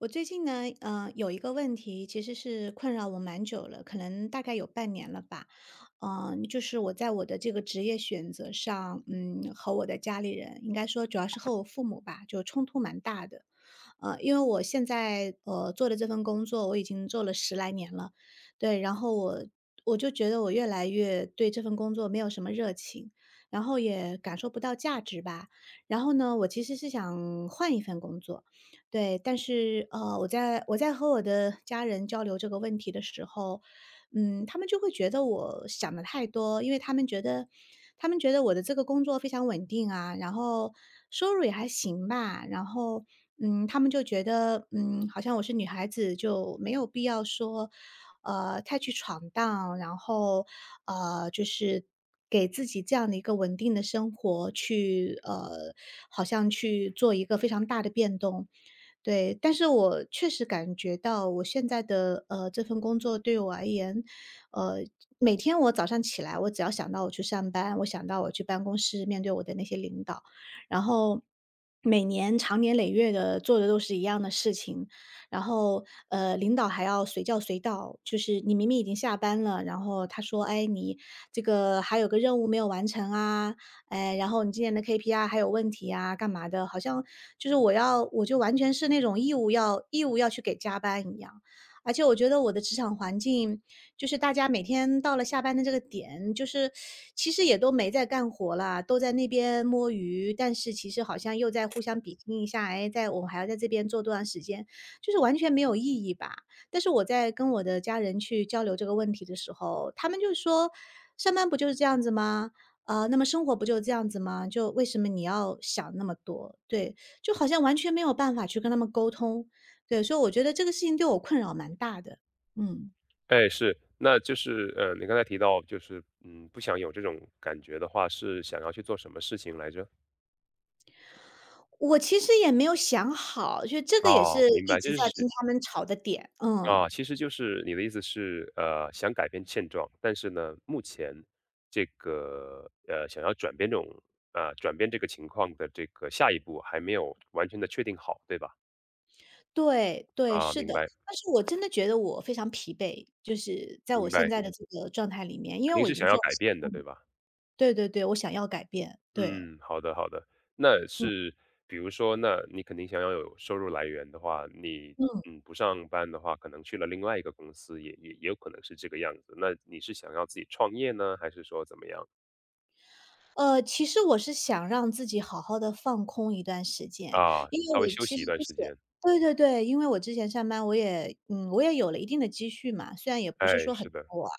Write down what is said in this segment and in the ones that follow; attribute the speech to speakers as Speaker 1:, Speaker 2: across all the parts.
Speaker 1: 我最近呢，呃，有一个问题其实是困扰我蛮久了，可能大概有半年了吧。呃，就是我在我的这个职业选择上，嗯，和我的家里人，应该说主要是和我父母吧，就冲突蛮大的。呃，因为我现在，呃，做的这份工作，我已经做了10来年了。对，然后我-我就觉得我越来越对这份工作没有什么热情，然后也感受不到价值吧。然后呢，我其实是想换一份工作。对，但是，呃，我在我在和我的家人交流这个问题的时候，嗯，他们就会觉得我想得太多，因为他们觉得他们觉得我的这个工作非常稳定啊，然后，收入也还行吧。然后，嗯，他们就觉得，嗯，好像我是女孩子，就没有必要说，呃，太去闯荡，然后，呃，就是，给自己这样的一个稳定的生活，去，呃，好像去做一个非常大的变动，对。但是我确实感觉到我现在的，呃，这份工作对我而言，呃，每天我早上起来，我只要想到我去上班，我想到我去办公室面对我的那些领导，然后，每年长年累月地做的都是一样的事情。然后，呃，领导还要随叫随到，就是你明明已经下班了，然后他说，“哎，你这个，还有个任务没有完成啊，哎，然后你今年的 KPI 还有问题啊”干嘛的，好像，就是我要我就完全是那种义务要义务要去给加班一样。而且我觉得我的职场环境，就是大家每天到了下班的这个点，就是其实也都没在干活啦，都在那边摸鱼，但是其实好像又在互相比拼一下，哎，在我们还要在这边做多长时间，就是完全没有意义吧。但是我在跟我的家人去交流这个问题的时候，他们就说，“上班不就是这样子吗？呃，那么生活不就是这样子吗？就为什么你要想那么多？”对，就好像完全没有办法去跟他们沟通。对，所以我觉得这个事情对我困扰蛮大的。嗯。
Speaker 2: 哎，是。那就是，呃，你刚才提到就是，嗯，不想有这种感觉的话，是想要去做什么事情来着？
Speaker 1: 我其实也没有想好，就这个也
Speaker 2: 哦，
Speaker 1: 是
Speaker 2: 明
Speaker 1: 一
Speaker 2: 白，
Speaker 1: 直
Speaker 2: 就
Speaker 1: 在
Speaker 2: 是
Speaker 1: 跟他们吵的点。嗯。
Speaker 2: 啊，其实就是你的意思是，呃，想改变现状，但是呢，目前，这个，呃，想要转变这种呃，转变这个情况的这个下一步还没有完全地确定好，对吧？
Speaker 1: 对对，
Speaker 2: 啊，
Speaker 1: 是
Speaker 2: 明
Speaker 1: 的，
Speaker 2: 白。
Speaker 1: 但是我真的觉得我非常疲惫，就是在我
Speaker 2: 明
Speaker 1: 现
Speaker 2: 白。
Speaker 1: 在的这个状态里面，因
Speaker 2: 肯
Speaker 1: 为
Speaker 2: 定
Speaker 1: 我已
Speaker 2: 是
Speaker 1: 经
Speaker 2: 想要
Speaker 1: 做了，
Speaker 2: 改
Speaker 1: [unintelligible]
Speaker 2: 变的，对吧？
Speaker 1: 对对对，我想要改变，对。
Speaker 2: 嗯，好的好的。那
Speaker 1: 嗯。
Speaker 2: 是，比如说，那你肯定想要有收入来源的话，你，
Speaker 1: 嗯。
Speaker 2: 嗯，不上班的话，可能去了另外一个公司，也也也有可能是这个样子。那你是想要自己创业呢？还是说怎么样？
Speaker 1: 呃，其实我是想让自己好好地放空一段时间。
Speaker 2: 啊，
Speaker 1: 因为
Speaker 2: 稍微
Speaker 1: 我
Speaker 2: 休
Speaker 1: 其
Speaker 2: 息
Speaker 1: 实
Speaker 2: 一段
Speaker 1: 就是
Speaker 2: 时间。
Speaker 1: 对对对，因为我之前上班我也嗯，我也有了一定的积蓄嘛，虽然也不是
Speaker 2: 哎，
Speaker 1: 说很
Speaker 2: 是的。
Speaker 1: 多，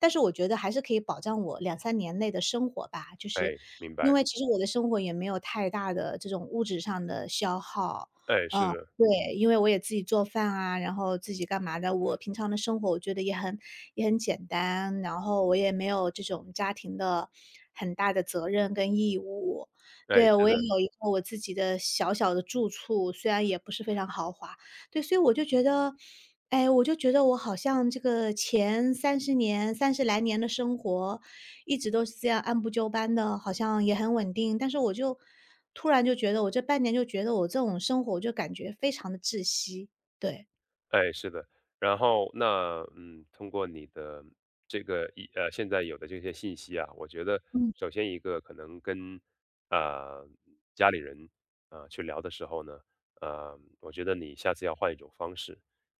Speaker 1: 但是我觉得还是可以保障我2-3年内的生活吧。就是，
Speaker 2: 哎，明
Speaker 1: 因
Speaker 2: 白。
Speaker 1: 为其实我的生活也没有太大的这种物质上的消耗。
Speaker 2: 哎，是的。
Speaker 1: 呃，对。因为我也自己做饭啊，然后自己干嘛的，我平常的生活我觉得也很也很简单，然后我也没有这种家庭的，很大的责任跟义务。
Speaker 2: 哎，
Speaker 1: 对，
Speaker 2: 是
Speaker 1: 我也
Speaker 2: 的。
Speaker 1: 有一个我自己的小小的住处，虽然也不是非常豪华。对，所以我就觉得哎，我就觉得我好像这个前30年30来年的生活，一直都是这样按部就班的，好像也很稳定。但是我就突然就觉得我这半年就觉得我这种生活，我就感觉非常的窒息。对。
Speaker 2: 哎，是的。然后那嗯，通过你的这个一呃，现在有的这些信息啊，我觉得
Speaker 1: 嗯。
Speaker 2: 首先一个可能跟，呃，家里人，呃，去聊的时候呢，呃，我觉得你下次要换一种方式。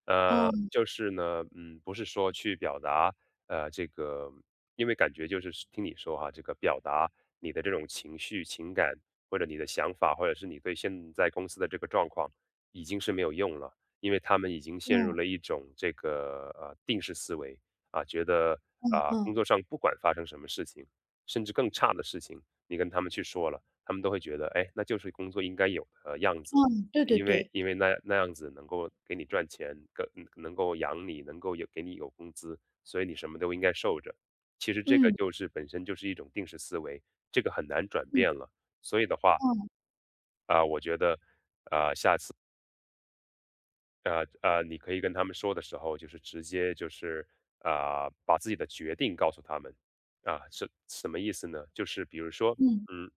Speaker 2: 呃，
Speaker 1: 嗯。
Speaker 2: 就是呢，嗯，不是说去表达，呃，这个因为感觉就是说听你说啊，这个表达你的这种情绪、情感，或者你的想法，或者是你对现在公司的这个状况，已经是没有用了。因为他们已经陷
Speaker 1: 嗯。
Speaker 2: 入了一种这个，呃，定式思维，啊，觉得，
Speaker 1: 嗯
Speaker 2: 啊，工
Speaker 1: 嗯。
Speaker 2: 作上不管发生什么事情，甚至更差的事情，你跟他们去说了，他们都会觉得，诶，那就是工作应该有的样子，
Speaker 1: 嗯，对对
Speaker 2: 因为
Speaker 1: 对。
Speaker 2: 因为那样那样子能够给你赚钱，各能够养你，能够也给你一个工资，所以你什么都应该受着，其实这个
Speaker 1: 嗯。
Speaker 2: 就是本身就是一种定式思维，这个很难转
Speaker 1: 嗯。
Speaker 2: 变了，所以的话
Speaker 1: 嗯。
Speaker 2: 啊，我觉得，啊，下次呃呃，你可以跟他们说的时候就是直接就是，呃，把自己的决定告诉他们。啊，是什么意思呢？就是比如说，
Speaker 1: 嗯。
Speaker 2: 嗯，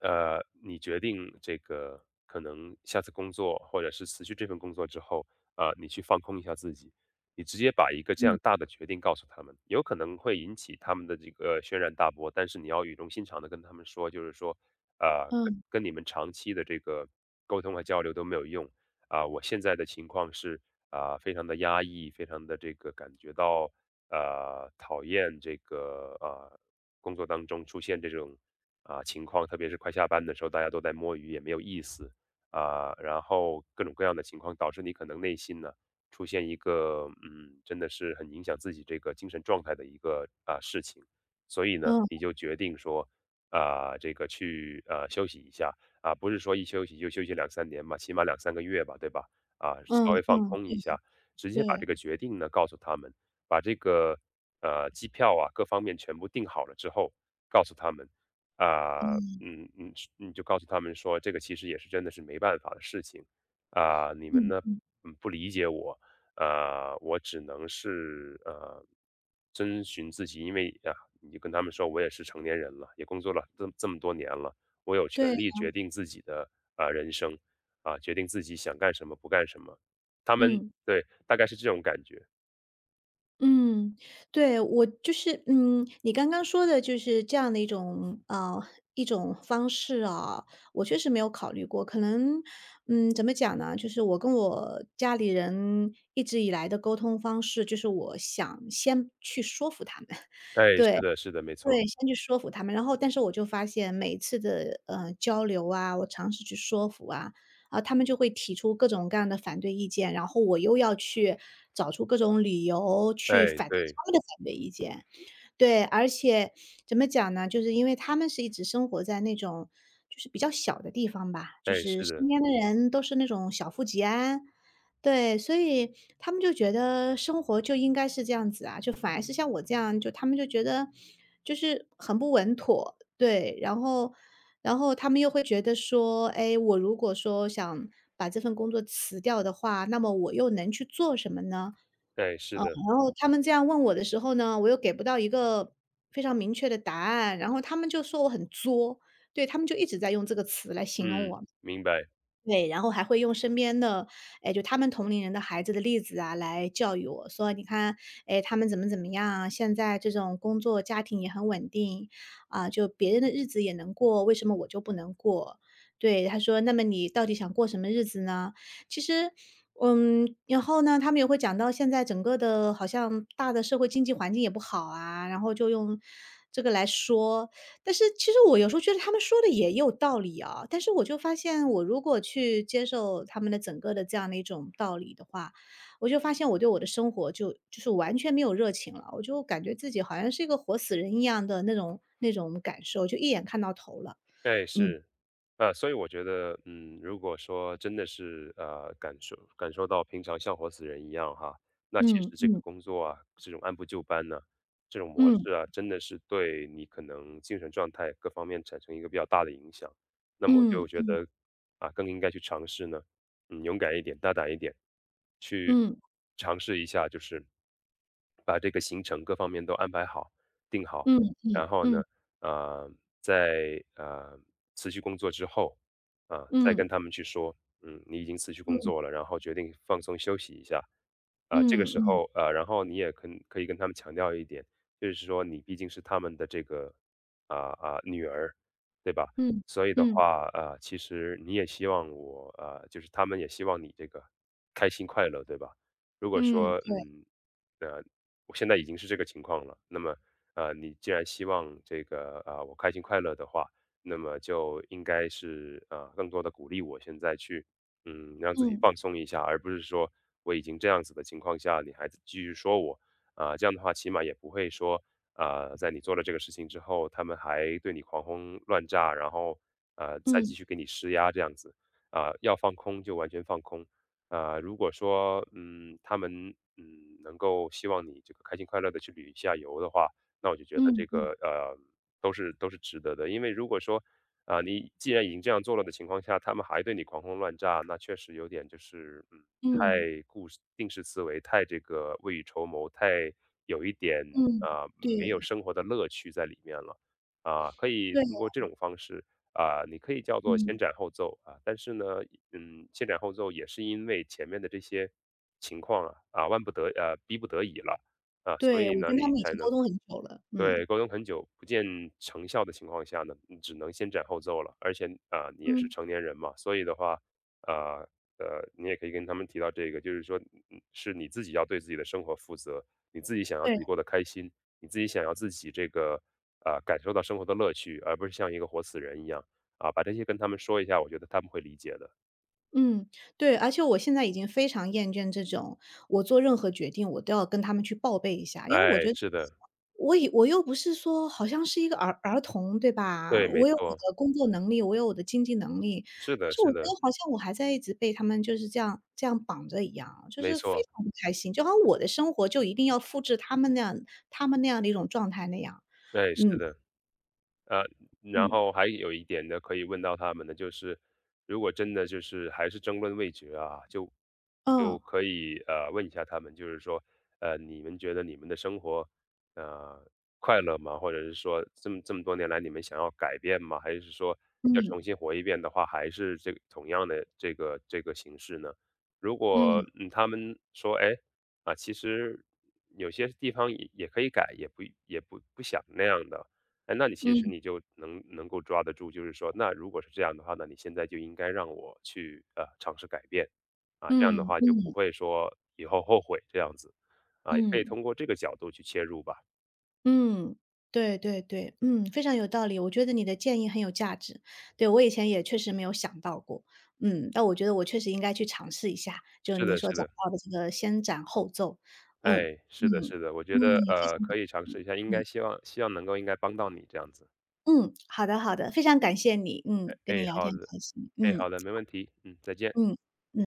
Speaker 2: 呃，你决定这个可能下次工作或者是辞去这份工作之后，呃，你去放空一下自己。你直接把一个这样
Speaker 1: 嗯。
Speaker 2: 大的决定告诉他们，有可能会引起他们的这个轩然大波，但是你要语重心长地跟他们说，就是说，呃，跟
Speaker 1: 嗯。
Speaker 2: 跟你们长期的这个沟通和交流都没有用。啊，我现在的情况是，啊，非常地压抑，非常地这个感觉到，呃，讨厌这个，呃，工作当中出现这种，啊，情况，特别是快下班的时候大家都在摸鱼也没有意思。啊，然后各种各样的情况导致你可能内心呢，出现一个，嗯，真的是很影响自己这个精神状态的一个，啊，事情。所以呢，
Speaker 1: 嗯。
Speaker 2: 你就决定说，啊，这个去，啊，休息一下，啊，不是说一休息就休息2、3年嘛，起码2、3个月吧，对吧。啊，
Speaker 1: 嗯
Speaker 2: 稍微放
Speaker 1: 嗯嗯。
Speaker 2: 空一下，直接把这
Speaker 1: 对。
Speaker 2: 个决定呢，告诉他们，把这个，呃，机票啊，各方面全部订好了之后，告诉他们。啊，
Speaker 1: 嗯。
Speaker 2: 嗯嗯嗯，就告诉他们说这个其实也是真的是没办法的事情。啊，你们
Speaker 1: 嗯
Speaker 2: 呢，
Speaker 1: 嗯。
Speaker 2: 嗯，不理解我，呃，我只能是，呃，遵循自己，因为，啊，你跟他们说我也是成年人了，也工作了这么这么多年了，我有权
Speaker 1: 对
Speaker 2: 利
Speaker 1: 啊。
Speaker 2: 决定自己的，啊，人生，啊，决定自己想干什么、不干什么，他们
Speaker 1: 嗯。
Speaker 2: 对，大概是这种感觉。
Speaker 1: 嗯，对。我就是嗯，你刚刚说的就是这样的一种嗯，一种方式啊，我确实没有考虑过。可能，嗯，怎么讲呢，就是我跟我家里人一直以来的沟通方式就是我想先去说服他们，
Speaker 2: 哎，
Speaker 1: 对，
Speaker 2: 是的是的，没
Speaker 1: 对，
Speaker 2: 错。
Speaker 1: 先去说服他们。然后但是我就发现每次的，嗯，交流啊，我尝试去说服啊，他们就会提出各种各样的反对意见，然后我又要去找出各种理由去
Speaker 2: 哎，
Speaker 1: 反
Speaker 2: 对。
Speaker 1: 他们的反对意见。对，而且怎么讲呢？就是因为他们是一直生活在那种就是比较小的地方吧，就
Speaker 2: 哎，
Speaker 1: 是
Speaker 2: 是的。
Speaker 1: 身边的人都是那种小富即安，对，所以他们就觉得生活就应该是这样子啊，就反而是像我这样，就他们就觉得就是很不稳妥。对，然后然后他们又会觉得说，哎，我如果说想把这份工作辞掉的话，那么我又能去做什么呢？
Speaker 2: 哎，是
Speaker 1: 呃，
Speaker 2: 的。
Speaker 1: 然后他们这样问我的时候呢，我又给不到一个非常明确的答案，然后他们就说我很作。对，他们就一直在用这个词来形容
Speaker 2: 嗯，
Speaker 1: 我。
Speaker 2: 明白。
Speaker 1: 对，然后还会用身边的，哎，就他们同龄人的孩子的例子啊，来教育我，说：“你看，哎，他们怎么怎么样啊，现在这种工作家庭也很稳定，嗯，就别人的日子也能过，为什么我就不能过。”对，他说：“那么你到底想过什么日子呢？”其实嗯，然后呢，他们也会讲到现在整个的好像大的社会经济环境也不好啊，然后就用这个来说，但是其实我有时候觉得他们说得也有道理啊，但是我就发现我如果去接受他们的整个的这样的一种道理的话，我就发现我对我的生活就就是完全没有热情了。我就感觉自己好像是一个活死人一样的那种那种感受，就一眼看到头了。
Speaker 2: 对，
Speaker 1: 嗯。
Speaker 2: 是。呃，所以我觉得，嗯，如果说真的是，呃，感受感受到平常像活死人一样哈，那其
Speaker 1: 嗯
Speaker 2: 实这个
Speaker 1: 嗯。
Speaker 2: 工作啊，是种按部就班呐，这种模
Speaker 1: 嗯。
Speaker 2: 式啊，真的是对你可能精神状态各方面产生一个比较大的影响。那么我
Speaker 1: 嗯
Speaker 2: 就觉
Speaker 1: 嗯。
Speaker 2: 得，啊，更应该去尝试呢，勇敢一点、大胆一点，去
Speaker 1: 嗯。
Speaker 2: 尝试一下就是，把这个行程各方面都安排好、定好。
Speaker 1: 嗯嗯
Speaker 2: 然后呢，
Speaker 1: 嗯。
Speaker 2: 呃，在，呃，辞去工作之后，呃，再
Speaker 1: 嗯。
Speaker 2: 跟他们去说，嗯，你已经辞去工
Speaker 1: 嗯。
Speaker 2: 作了，然后决定放松休息一下。呃，这个
Speaker 1: 嗯
Speaker 2: 时
Speaker 1: 嗯。
Speaker 2: 候呃，然后你也可可以跟他们强调一点，就是说你毕竟是他们的这个，啊，啊，女儿，对吧？
Speaker 1: 嗯，
Speaker 2: 所以的
Speaker 1: 嗯。
Speaker 2: 话，呃，其实你也希望我呃，就是他们也希望你这个开心快乐，对吧？如果
Speaker 1: 嗯，
Speaker 2: 说，
Speaker 1: 对。
Speaker 2: 嗯，呃，我现在已经是这个情况了，那么，呃，你既然希望这个，呃，我开心快乐的话，那么就应该是，呃，更多地鼓励我现在去，嗯，让自己
Speaker 1: 嗯。
Speaker 2: 放松一下，而不是说我已经这样子的情况下，你还继续说我。啊，这样的话起码也不会说，呃，在你做了这个事情之后，他们还对你狂轰乱炸，然后，呃，再
Speaker 1: 嗯。
Speaker 2: 继续给你施压这样子，呃，要放空就完全放空。呃，如果说，嗯，他们，嗯，能够希望你这个开心快乐地去旅一下游的话，那我就觉得
Speaker 1: 嗯
Speaker 2: 这个，
Speaker 1: 嗯。
Speaker 2: 呃，都是都是值得的。因为如果说，啊，你既然已经这样做了的情况下，他们还对你狂轰乱炸，那确实有点就是，嗯，
Speaker 1: 嗯。
Speaker 2: 太固定式思维、太这个未雨绸缪、太有一点，
Speaker 1: 嗯，
Speaker 2: 呃，没有
Speaker 1: 对。
Speaker 2: 生活的乐趣在里面了。啊，可以
Speaker 1: 对
Speaker 2: 通过这
Speaker 1: 啊。
Speaker 2: 种方式，啊，你可以叫做先
Speaker 1: 嗯。
Speaker 2: 斩后奏，啊，但是呢，嗯，先斩后奏也是因为前面的这些情况啊，啊，万不得啊，逼不得已了，啊，所
Speaker 1: 对，
Speaker 2: 以
Speaker 1: 我
Speaker 2: 呢
Speaker 1: 跟他
Speaker 2: 你
Speaker 1: 们已
Speaker 2: 才
Speaker 1: 经沟
Speaker 2: 能
Speaker 1: 通很久了，
Speaker 2: 对，
Speaker 1: 嗯。
Speaker 2: 沟通很久不见成效的情况下呢，你只能先斩后奏了。而且，呃，你也是
Speaker 1: 嗯。
Speaker 2: 成年人嘛，所以的话，呃，呃，你也可以跟他们提到这个，就是说，嗯嗯，是你自己要对自己的生活负责，你自己想要自
Speaker 1: 对。
Speaker 2: 己过得开心，你自己想要自己这个，呃，感受到生活的乐趣，而不是像一个活死人一样，啊，把这些跟他们说一下，我觉得他们会理解的。
Speaker 1: 嗯，对，而且我现在已经非常厌倦这种我做任何决定我都要跟他们去报备一下。因为我
Speaker 2: 哎，
Speaker 1: 觉得
Speaker 2: 是的。
Speaker 1: 我也我又不是说好像是一个儿儿童对吧？
Speaker 2: 对，没
Speaker 1: 我有我
Speaker 2: 错。
Speaker 1: 的工作能力，我有我的经济能力。
Speaker 2: 是
Speaker 1: 但
Speaker 2: 的
Speaker 1: 是我
Speaker 2: 是
Speaker 1: 觉得
Speaker 2: 的。
Speaker 1: 好像我还在一直被他们就是这样这样绑着一样，就
Speaker 2: 没
Speaker 1: 是非
Speaker 2: 错。
Speaker 1: 常不开心，就好像我的生活就一定要复制他们那样他们那样的一种状态那样，
Speaker 2: 对，是
Speaker 1: 嗯。
Speaker 2: 的。呃，然
Speaker 1: 嗯。
Speaker 2: 后还有一点呢可以问到他们的就是，如果真的就是还是争论未决啊，就
Speaker 1: 嗯。
Speaker 2: 就可以，呃，问一下他们就是说，呃，你们觉得你们的生活，呃，快乐吗？或者是说这么这么多年来你们想要改变吗？还是说要重
Speaker 1: 嗯。
Speaker 2: 新活一遍的话，还是这个同样的这个这个形式呢？如果，
Speaker 1: 嗯。
Speaker 2: 嗯，他们说，诶，啊，其实有些地方也也可以改，也不也不不想那样的。哎，那你其实
Speaker 1: 嗯。
Speaker 2: 你就能能够抓得住，就是说，那如果是这样的话，那你现在就应该让我去，呃，尝试改变，啊，这样的
Speaker 1: 嗯
Speaker 2: 话就不
Speaker 1: 嗯。
Speaker 2: 会说以后后悔这样子，啊，也可以
Speaker 1: 嗯。
Speaker 2: 通过这个角度去切入吧。
Speaker 1: 嗯，对对对，嗯，非常有道理，我觉得你的建议很有价值。对，我以前也确实没有想到过，嗯，那我觉得我确实应该去尝试一下，就是
Speaker 2: 是
Speaker 1: 你
Speaker 2: 的
Speaker 1: 所
Speaker 2: 是
Speaker 1: 讲
Speaker 2: 的。
Speaker 1: 到的这个先斩后奏，嗯，
Speaker 2: 哎，
Speaker 1: 嗯，
Speaker 2: 是的是的，我
Speaker 1: 嗯。
Speaker 2: 觉得，
Speaker 1: 谢
Speaker 2: 呃，
Speaker 1: 谢你，
Speaker 2: 可以尝
Speaker 1: 嗯，
Speaker 2: 试一下，应该
Speaker 1: 嗯。
Speaker 2: 希望希望能够应该帮到你这样子。
Speaker 1: 嗯，好的好的，非常感谢你，嗯，
Speaker 2: 诶
Speaker 1: 跟你
Speaker 2: 诶，
Speaker 1: 聊
Speaker 2: 好
Speaker 1: 天很
Speaker 2: 的，
Speaker 1: 开心，
Speaker 2: 诶，
Speaker 1: 嗯。
Speaker 2: 好的，没问题，嗯，再见。
Speaker 1: 嗯，嗯。